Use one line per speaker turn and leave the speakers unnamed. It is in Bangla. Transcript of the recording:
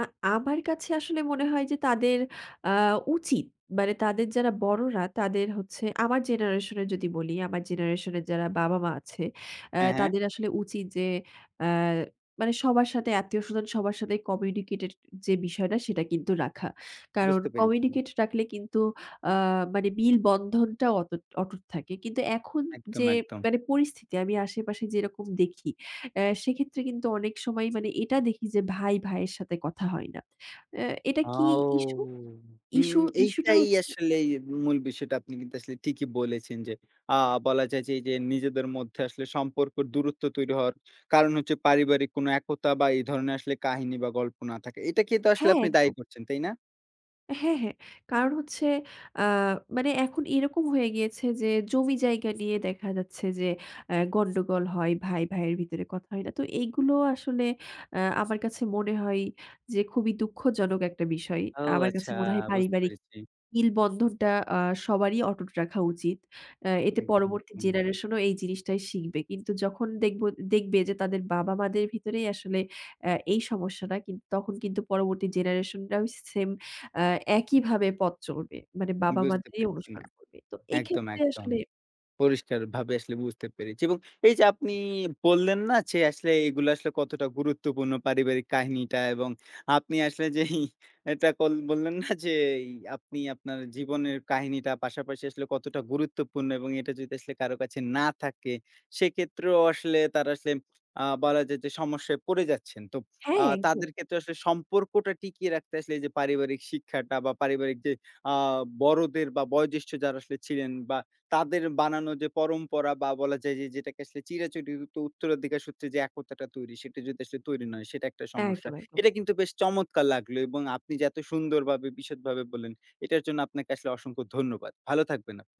আ আমার কাছে আসলে মনে হয় যে তাদের আ উচিত। মানে তাদের যারা বড়রা তাদের হচ্ছে আমার জেনারেশন এর যদি বলি, আমার জেনারেশন এর যারা বাবা মা আছে অ্যা
হ্যাঁ, হ্যাঁ।
তাদের আসলে উচিত যে আ মানে সবার সাথে আত্মীয়স্বজন সবার সাথে কমিউনিকেটের যে বিষয়টা সেটা কিন্তু রাখা। কারণ
বুঝতে পেরেছি।
কমিউনিকেট রাখলে কিন্তু আ মানে মিল বন্ধনটাও অতুট অটুট থাকে। কিন্তু এখন
একদম,
যে,
একদম।
মানে পরিস্থিতি আমি আশেপাশে যেরকম দেখি অ্যা সেক্ষেত্রে কিন্তু অনেক সময় মানে এটা দেখি যে ভাই ভাইয়ের সাথে কথা হয় না। অ্যা এটা কি
আও
ইশ্যু?
হুম,
ইশ্যু, ইশ্যু টা
এইটাই
হচ্ছে
আসলেই মূল বিষয়টা আপনি কিন্তু আসলে ঠিকই বলেছেন যে, আ বলা যায় যে, এই যে নিজেদের মধ্যে আসলে সম্পর্ক দূরত্ব তৈরি হওয়ার কারণ হচ্ছে পারিবারিক কোন একতা বা এই ধরণের আসলে কাহিনী বা গল্প না থাকে। এটাকেই তো আসলে
হ্যাঁ
আপনি দায়ী
একদম।
করছেন, তাই না?
হ্যাঁ, হ্যাঁ। কারণ হচ্ছে আ মানে এখন এরকম হয়ে গিয়েছে যে জমি জায়গা নিয়ে দেখা যাচ্ছে যে আ গন্ডগোল হয়, ভাই ভাইয়ের ভিতরে কথা হয় না। তো এইগুলো আসলে আ আমার কাছে মনে হয় যে খুবই দুঃখজনক একটা বিষয়।
ও
আমার কাছে
আচ্ছা
মনে হয়
বুঝতে
পারিবারিক
পেরেছি।
মিল বন্ধনটা আ সবারই অটুট রাখা উচিত অ্যা এতে
একদম,
পরবর্তী
হুম।
জেনারেশনও এই জিনিসটাই শিখবে। কিন্তু যখন দেখবো দেখবে যে তাদের বাবা-মাদের ভিতরেই আসলে অ্যা এই সমস্যাটা কিন্তু তখন কিন্তু পরবর্তী জেনারেশনরাও সেম আ একইভাবে পথ চলবে। মানে বাবা
বুঝতে
মাদেরই
পেরেছি
অনুসরণ
না
করবে। তো
একদম,
এক্ষেত্রে
একদম।
আসলে
পরিষ্কারভাবে আসলে বুঝতে পেরেছি এবং এই যে আপনি বললেন না যে আসলে এইগুলা আসলে কতটা গুরুত্বপূর্ণ পারিবারিক কাহিনীটা এবং আপনি আসলে যেই এটা কল বললেন না যেই আপনি আপনার জীবনের কাহিনীটা পাশাপাশি আসলে কতটা গুরুত্বপূর্ণ এবং এটা যদি আসলে কারো কাছে না থাকে সেক্ষেত্রেও আসলে তারা সেম আ বলা যায় যে, সমস্যায় পড়ে যাচ্ছেন। তো আ
হ্যাঁ একদম।
তাদের ক্ষেত্রে আসলে সম্পর্কটা টিকিয়ে রাখতে আসলে যে পারিবারিক শিক্ষাটা বা পারিবারিক যে আ বড়দের বা বয়োজ্যেষ্ঠ যার আসলে ছিলেন বা তাদের বানানো যে পরম্পরা বা বলা যায় যে যেটাকে আসলে চিরাচরিত উত্তরাধিকার সূত্রে যে একতাটা তৈরি সেটা যদি আসলে তৈরি নয় সেটা একটা সমস্যা।
একদম, একদম।
এটা কিন্তু বেশ চমৎকার লাগলো এবং আপনি যে এত সুন্দরভাবে বিশদভাবে বললেন এটার জন্য আপনাকে আসলে অসংখ্য ধন্যবাদ ভালো থাকবেন আপনি।